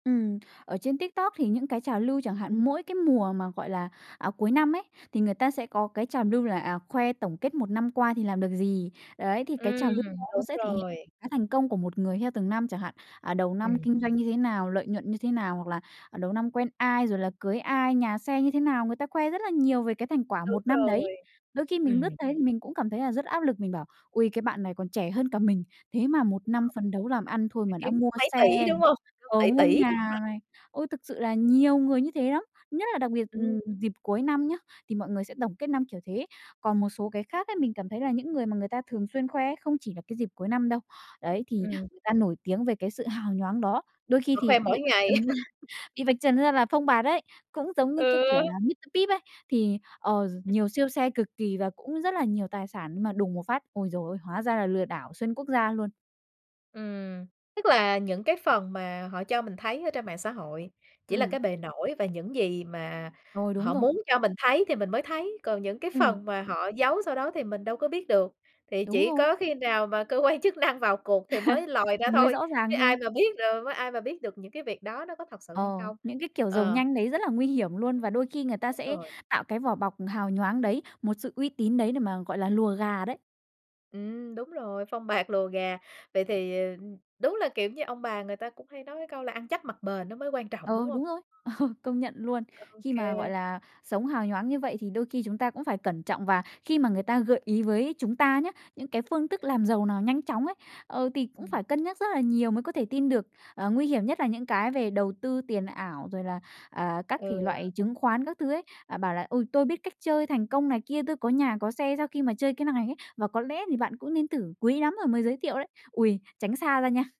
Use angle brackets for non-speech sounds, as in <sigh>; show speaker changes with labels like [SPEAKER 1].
[SPEAKER 1] Ừm, ở trên TikTok thì những cái trào lưu chẳng hạn, mỗi cái mùa mà, gọi là, à, cuối năm ấy, thì người ta sẽ có cái trào lưu là, à, khoe tổng kết một năm qua thì làm được gì. Đấy, thì cái trào lưu đó
[SPEAKER 2] Ừm,
[SPEAKER 1] nó
[SPEAKER 2] đúng
[SPEAKER 1] sẽ thể hiện
[SPEAKER 2] rồi.
[SPEAKER 1] cái thành công của một người theo từng năm, chẳng hạn, à, đầu năm
[SPEAKER 2] Ừm.
[SPEAKER 1] kinh doanh như thế nào, lợi nhuận như thế nào, hoặc là, ờ, đầu năm quen ai, rồi là cưới ai, nhà xe như thế nào, người ta khoe rất là nhiều về cái thành quả
[SPEAKER 2] Đúng
[SPEAKER 1] một năm đấy.
[SPEAKER 2] rồi.
[SPEAKER 1] Đôi khi mình lướt
[SPEAKER 2] Ừm.
[SPEAKER 1] thấy thì mình cũng cảm thấy là rất áp lực, mình bảo: "Ôi, cái bạn này còn trẻ hơn cả mình, thế mà một năm phấn đấu làm ăn
[SPEAKER 2] <unintelligible>
[SPEAKER 1] thôi
[SPEAKER 2] Phải
[SPEAKER 1] mà đã
[SPEAKER 2] kiếm
[SPEAKER 1] mua
[SPEAKER 2] mấy
[SPEAKER 1] xe
[SPEAKER 2] tỷ,
[SPEAKER 1] nè,
[SPEAKER 2] đúng hông? Kiểu
[SPEAKER 1] ờ,
[SPEAKER 2] tỷ
[SPEAKER 1] mua
[SPEAKER 2] tỷ
[SPEAKER 1] nhà này." Ôi, thực sự
[SPEAKER 2] <unintelligible>
[SPEAKER 1] là nhiều người như thế lắm, nhất là đặc biệt,
[SPEAKER 2] Ừm.
[SPEAKER 1] ừm, dịp cuối năm nhá, thì mọi người sẽ tổng kết năm kiểu thế. Còn một số cái khác ấy, mình cảm thấy là những người mà người ta thường xuyên khoe ấy, không chỉ là cái dịp cuối năm đâu. Đấy, thì
[SPEAKER 2] Ừm.
[SPEAKER 1] người ta nổi tiếng về cái sự hào nhoáng đó. Đôi khi
[SPEAKER 2] Ờ, khoe
[SPEAKER 1] thì
[SPEAKER 2] mỗi
[SPEAKER 1] bị vạch
[SPEAKER 2] ngày.
[SPEAKER 1] trần ra
[SPEAKER 2] <laughs>
[SPEAKER 1] bị vạch trần ra là phông bạt ấy, cũng giống như cái
[SPEAKER 2] Ừ.
[SPEAKER 1] kiểu là Mr. Pip ấy, thì, ờ gi
[SPEAKER 2] Ừm.
[SPEAKER 1] nhiều siêu xe cực kỳ và cũng rất là nhiều tài sản, nhưng mà đùng một phát, ôi giời ơi, hóa ra là lừa đảo xuyên quốc gia luôn.
[SPEAKER 2] Ừm, tức là những cái phần mà họ cho mình thấy ở trên mạng xã hội chỉ là
[SPEAKER 1] Ừm.
[SPEAKER 2] cái bề nổi và những gì mà
[SPEAKER 1] Rồi, đúng
[SPEAKER 2] họ
[SPEAKER 1] rồi.
[SPEAKER 2] muốn cho mình thấy thì mình mới thấy, còn những cái
[SPEAKER 1] Ừm.
[SPEAKER 2] phần mà họ giấu sau đó thì mình đâu có biết được, thì
[SPEAKER 1] Đúng
[SPEAKER 2] chỉ
[SPEAKER 1] rồi.
[SPEAKER 2] có khi nào mà cơ quan chức năng vào cuộc thì mới lòi
[SPEAKER 1] <chuckles>
[SPEAKER 2] ra
[SPEAKER 1] Mới
[SPEAKER 2] thôi,
[SPEAKER 1] rõ
[SPEAKER 2] chứ
[SPEAKER 1] ràng
[SPEAKER 2] ai
[SPEAKER 1] thôi.
[SPEAKER 2] mà biết rồi ai mà biết được những cái việc đó nó có thật sự hay
[SPEAKER 1] Ờ,
[SPEAKER 2] không?
[SPEAKER 1] những cái kiểu giàu
[SPEAKER 2] Ờ.
[SPEAKER 1] nhanh đấy rất là nguy hiểm luôn,
[SPEAKER 2] Ừm,
[SPEAKER 1] và đôi khi người ta
[SPEAKER 2] đúng
[SPEAKER 1] sẽ
[SPEAKER 2] rồi.
[SPEAKER 1] tạo cái vỏ bọc hào nhoáng đấy, một sự uy tín đấy để mà, gọi là, lùa gà đấy.
[SPEAKER 2] Ừm, đúng rồi, phông bạt lùa gà. Vậy thì, ờ, đúng là, kiểu như, ông bà người ta cũng hay nói cái câu là ăn chắc mặc bền nó mới quan trọng, đúng
[SPEAKER 1] Ừ,
[SPEAKER 2] không?
[SPEAKER 1] đúng rồi, ờ, công nhận luôn.
[SPEAKER 2] Ô
[SPEAKER 1] Khi
[SPEAKER 2] kê.
[SPEAKER 1] mà, gọi là, sống hào nhoáng như vậy thì đôi khi chúng ta cũng phải cẩn trọng, và khi mà người ta gợi ý với chúng ta nhá, những cái phương thức làm giàu nào nhanh chóng ấy, ờ, thì cũng
[SPEAKER 2] Ừm.
[SPEAKER 1] phải cân nhắc rất là nhiều mới có thể tin được. Ờ, nguy hiểm nhất là những cái về đầu tư tiền ảo rồi là, ờ, các thể
[SPEAKER 2] Ừ.
[SPEAKER 1] loại chứng khoán các thứ ấy, à, bảo là "Ôi, tôi biết cách chơi thành công này kia, tôi có nhà có xe sau khi mà chơi cái này ấy, và có lẽ thì bạn cũng nên thử, quý lắm tôi mới giới thiệu đấy." Ôi, tránh xa ra nha.